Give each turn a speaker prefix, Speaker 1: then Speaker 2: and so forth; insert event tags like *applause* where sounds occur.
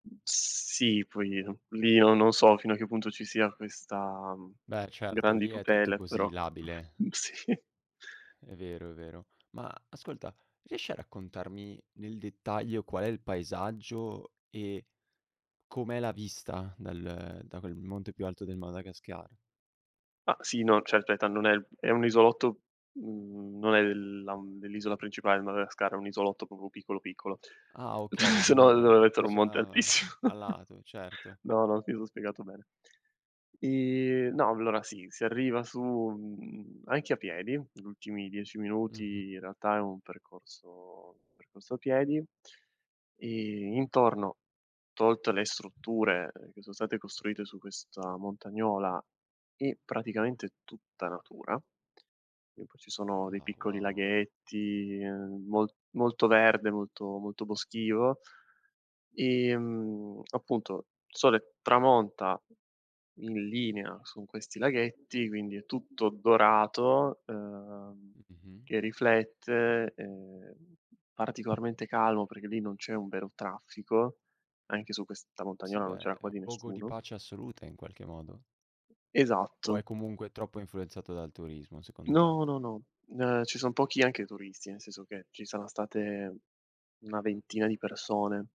Speaker 1: Sì, poi, uhm, lì no non so fino a che punto ci sia questa, mhmm,
Speaker 2: Beh, r certo
Speaker 1: grandi
Speaker 2: lì è tutto
Speaker 1: tutele,
Speaker 2: così
Speaker 1: però
Speaker 2: labile.
Speaker 1: mhmm, sì.
Speaker 2: È vero, è vero. Ma ascolta riesci a raccontarmi, nel dettaglio, qual è il paesaggio e com'è la vista dal da quel monte più alto del Madagascar?
Speaker 1: Ma sì, no, certo, è tan non è è un isolotto, mhmm, non è l la dell'isola principale del Madagascar, è un isolotto proprio piccolo, piccolo.
Speaker 2: Ah okay, di
Speaker 1: *chuckles* Se no il
Speaker 2: un
Speaker 1: *unintelligible*
Speaker 2: di
Speaker 1: mettere un monte
Speaker 2: un'isola
Speaker 1: altissimo.
Speaker 2: a
Speaker 1: *chuckles*
Speaker 2: lato, certo.
Speaker 1: No, no, mi son spiegato bene. Ehm, no, allora sì, si arriva su, mhmm, anche a piedi. L ultimi 10
Speaker 2: Mh-mh.
Speaker 1: minuti in realtà è un percorso percorso a piedi e intorno, tolte le strutture, ehm, che son state costruite su questa montagnola, e, praticamente, tutta natura, e poi ci sono dei
Speaker 2: Ah
Speaker 1: piccoli
Speaker 2: wow.
Speaker 1: laghetti, ehm, mol molto verde, molto molto boschivo. Ehm, appunto, sole tramonta in linea su questi laghetti, quindi è tutto dorato, ehm,
Speaker 2: Mh-mh.
Speaker 1: che riflette, ehm, particolarmente calmo perché lì non c'è un vero traffico, anche su questa
Speaker 2: Sì,
Speaker 1: montagnola non
Speaker 2: beh,
Speaker 1: c'era
Speaker 2: è un
Speaker 1: quasi
Speaker 2: luogo di
Speaker 1: nessuno.
Speaker 2: pace assoluta in qualche modo. O
Speaker 1: Esatto.
Speaker 2: è comunque troppo influenzato dal turismo secondo te?
Speaker 1: No, no, no, n ehm, ci son pochi, anche, turisti, nel senso che ci saran state una ventina di persone